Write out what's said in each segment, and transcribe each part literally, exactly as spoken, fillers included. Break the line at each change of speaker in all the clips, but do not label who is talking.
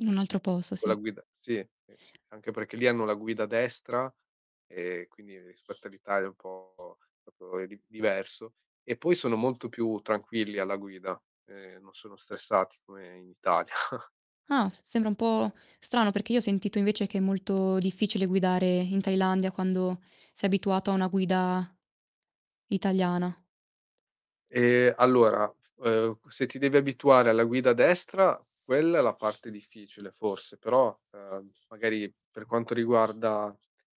In un altro posso,
Con la
sì.
guida sì, h, sì, anche perché lì hanno la guida a destra e quindi rispetto all'Italia è un po' propo è di diverso. E poi sono molto più tranquilli alla guida, ehm, non sono stressati come in Italia.
Ah, s sembra un po' strano, perché io ho sentito invece che è molto difficile guidare in Thailandia quando sei abituato a una guida italiana.
Ehm, allora, uhm, q se ti devi abituare alla guida a destra quella è la parte difficile, forse, però, ehm, magari per quanto riguarda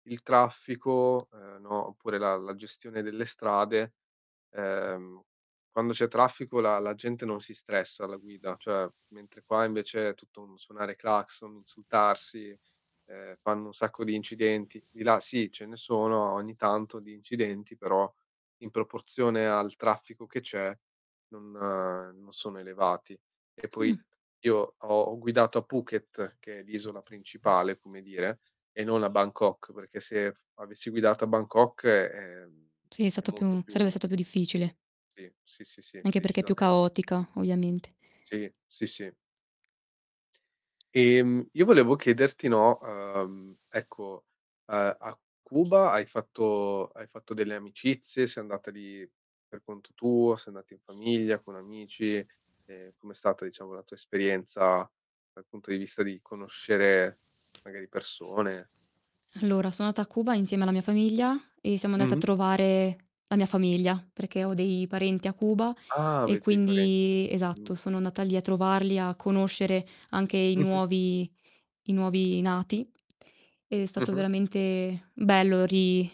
il traffico, ehm, no, oppure la la gestione delle strade, ehm, quando c'è traffico la la gente non si stressa alla guida. Cioè, mentre qua invece è tutto un suonare clacson, insultarsi, ehm, fanno un sacco di incidenti. Di là sì, ce ne sono ogni tanto di incidenti, però in proporzione al traffico che c'è non non sono elevati. E
Mh.
poi io ho ho guidato a Phuket, che è l'isola principale, come dire, e non a Bangkok, perché se avessi guidato a Bangkok, ehm,
Sì, è
è
stato
molto
più sarebbe
più
stato più difficile.
Sì, sì, sì, sì,
Anche perché è più
decisamente.
caotica, ovviamente.
Sì, sì, sì. Ehm, io volevo chiederti, no, uhm, ecco, uhm, a Cuba hai fatto hai fatto delle amicizie? Sei andata lì per conto tuo? Sei andata in famiglia, con amici? Ehm, come è stata, diciamo, la tua esperienza dal punto di vista di conoscere magari persone?
Allora, son andata a Cuba insieme alla mia famiglia e siamo andati a
Mh-mh.
trovare la mia famiglia, perché ho dei parenti a Cuba
Ah,
e
avete dei parenti,
quindi
mh.
esatto, sono andata lì a trovarli, a conoscere anche i
Mh-mh.
nuovi i nuovi nati. Ed è stato
Mh-mh.
veramente bello ri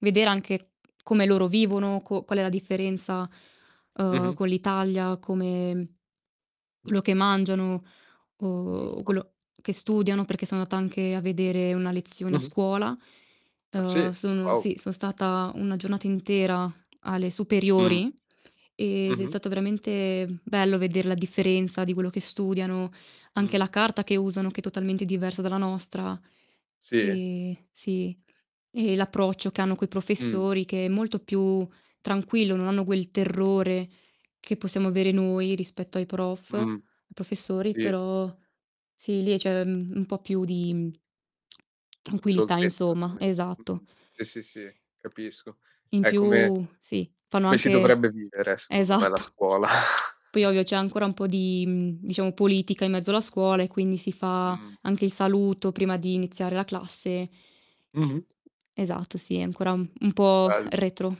vedere anche come loro vivono, co qual è la differenza, uhm,
Mh-mh.
con l'Italia, come quello che mangiano o
Giusto.
quello che studiano, perché son andata anche a vedere una lezione a
Mh-mh.
scuola.
Ah,
Uhm,
sì?
sono
Wow!
sì, son stata una giornata intera alle
Mh.
superiori ed è
Mh-mh.
stato veramente bello veder la differenza di quello che studiano, anche la
Mh-mh.
carta che usano che è totalmente diversa dalla nostra.
Sì?
Ehm, sì, e l'approccio che hanno coi
Mh-mh.
professori che è molto più tranquillo, non hanno quel terrore che possiamo avere noi rispetto ai prof,
Mh-mh.
professori,
Sì.
però sì, lì c'è, mhmm, un po' più di mhmm tranquillità
Scioltezza,
insoma,
come
esatto.
mh-mh, sì, sì, sì, capisco.
In
È come
più, sì, fanno
come si
anche
dovrebbe vivere secondo me la
esatto!
scuola.
Poi ovvio c'è ancora un po' di, mhmm, diciamo, politica in mezzo alla scuola e quindi si fa
Mh-mh.
anche il saluto prima di iniziare la classe.
Mh-mh.
Esatto, sì, è ancora um un po'
Bello.
retro.